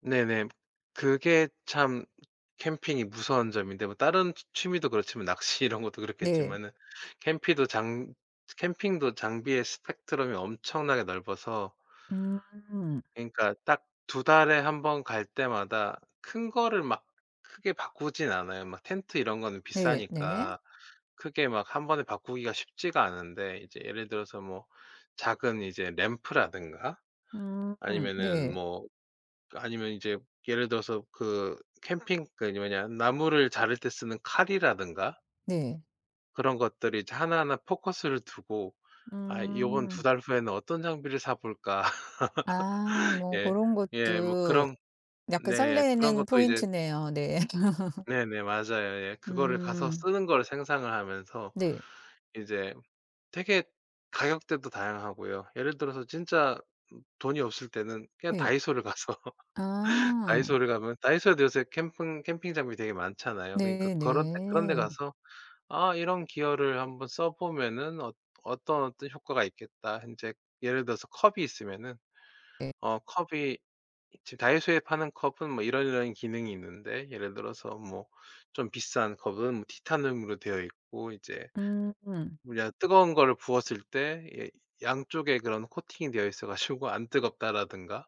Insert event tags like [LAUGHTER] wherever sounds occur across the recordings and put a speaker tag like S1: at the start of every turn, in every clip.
S1: 네네. 그게 참 캠핑이 무서운 점인데 뭐 다른 취 취미도 그렇지만 낚시 이런 것도
S2: 네.
S1: 그렇겠지만은 캠핑도 장 캠핑도 장비의 스펙트럼이 엄청나게 넓어서
S2: 음.
S1: 그러니까 딱 2 달에 1 번 갈 때마다 큰 거를 막 크게 바꾸진 않아요. 막 텐트 이런 거는
S2: 네 네.
S1: 비싸니까. 크게 막 1 번에 바꾸기가 쉽지가 않은데 이제 예를 들어서 뭐 작은 이제 램프라든가
S2: 음
S1: 아니면은
S2: 네.
S1: 뭐 아니면 이제 예를 들어서 그 캠핑 그 뭐냐 나무를 자를 때 쓰는 칼이라든가
S2: 네.
S1: 그런 것들이 이제 하나하나 포커스를 두고 '아 요번 2
S2: 음.
S1: 달 후에는 어떤 장비를 사 볼까?'
S2: 아
S1: [LAUGHS]
S2: 뭐
S1: 예
S2: 그런
S1: 예. 뭐
S2: 것도
S1: 그런
S2: 약간
S1: 네. 그런
S2: 설레는
S1: 것도 이제
S2: 포인트네요. 네. [LAUGHS]
S1: 네네 맞아요. 예. 그거를 가서
S2: 음.
S1: 쓰는 거를 상상을 하면서
S2: 네.
S1: 이제 되게 가격대도 다양하고요. 예를 들어서 진짜 돈이 없을 때는 그냥
S2: 네.
S1: 다이소를 가서 [LAUGHS]
S2: 아.
S1: 다이소를 가면 다이소에도 요새 캠픙 캠핑 장비 되게 많잖아요. 그러니까
S2: 네
S1: 그런 데 그런 데
S2: 네.
S1: 가서 '아 이런 기어를 1 번 써보면은 어 어떤, 어떤 효과가 있겠다.' 인제 예를 들어서 컵이 있으면은
S2: 네.
S1: 어 컵이 지금 다이소에 파는 컵은 뭐 이런 이런 기능이 있는데, 예를 들어서 뭐 좀 비싼 컵은 티타늄으로 되어 있고 이제
S2: 음.
S1: 우리가 뜨거운 거를 부었을 때 이 양쪽에 그런 코팅이 되어 있어 가지고 안 뜨겁다라든가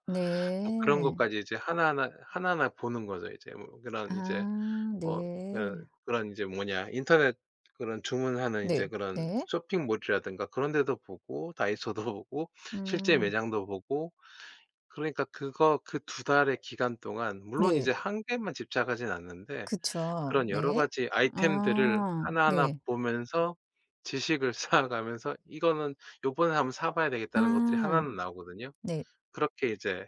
S1: 뭐 그런
S2: 네.
S1: 것까지 이제 하나하나 하나하나 보는 거죠. 이제 뭐 그런 이제
S2: 아
S1: 어 그
S2: 네.
S1: 그런 이제 뭐냐 인터넷 그런 주문하는 이제
S2: 네
S1: 그런
S2: 네.
S1: 쇼핑몰이라든가 그런 데도 보고 다이소도 보고 실제
S2: 음.
S1: 매장도 보고 그러니까 그거 그 2 달의 기간 동안 물론
S2: 네.
S1: 이제 1 개에만 집착하진 않는데
S2: 그쵸.
S1: 그런 여러
S2: 네.
S1: 가지 아이템들을
S2: 아.
S1: 하나하나
S2: 네.
S1: 보면서 지식을 쌓아 가면서 '이거는 요번에 1 번 사 봐야 되겠다.'는 하는 것들이 1
S2: 아
S1: 는 나오거든요?
S2: 네.
S1: 그렇게 이제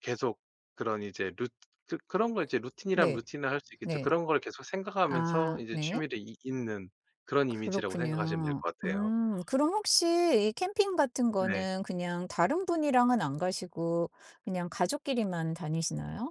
S1: 계속 그런 이제 루 그 그런 걸 이제 루틴이라면
S2: 네.
S1: 루틴화할 수 있겠죠.
S2: 네.
S1: 그런 걸 계속 생각하면서
S2: 아
S1: 이제
S2: 네.
S1: 취미를 잇 잇는 그런 이미지라고 생각하시면 될
S2: 그렇군요.
S1: 것 같아요.
S2: 음 그럼 혹시 이 캠핑 같은
S1: 네.
S2: 거는 그냥 다른 분이랑은 안 가시고 그냥 가족끼리만 다니시나요?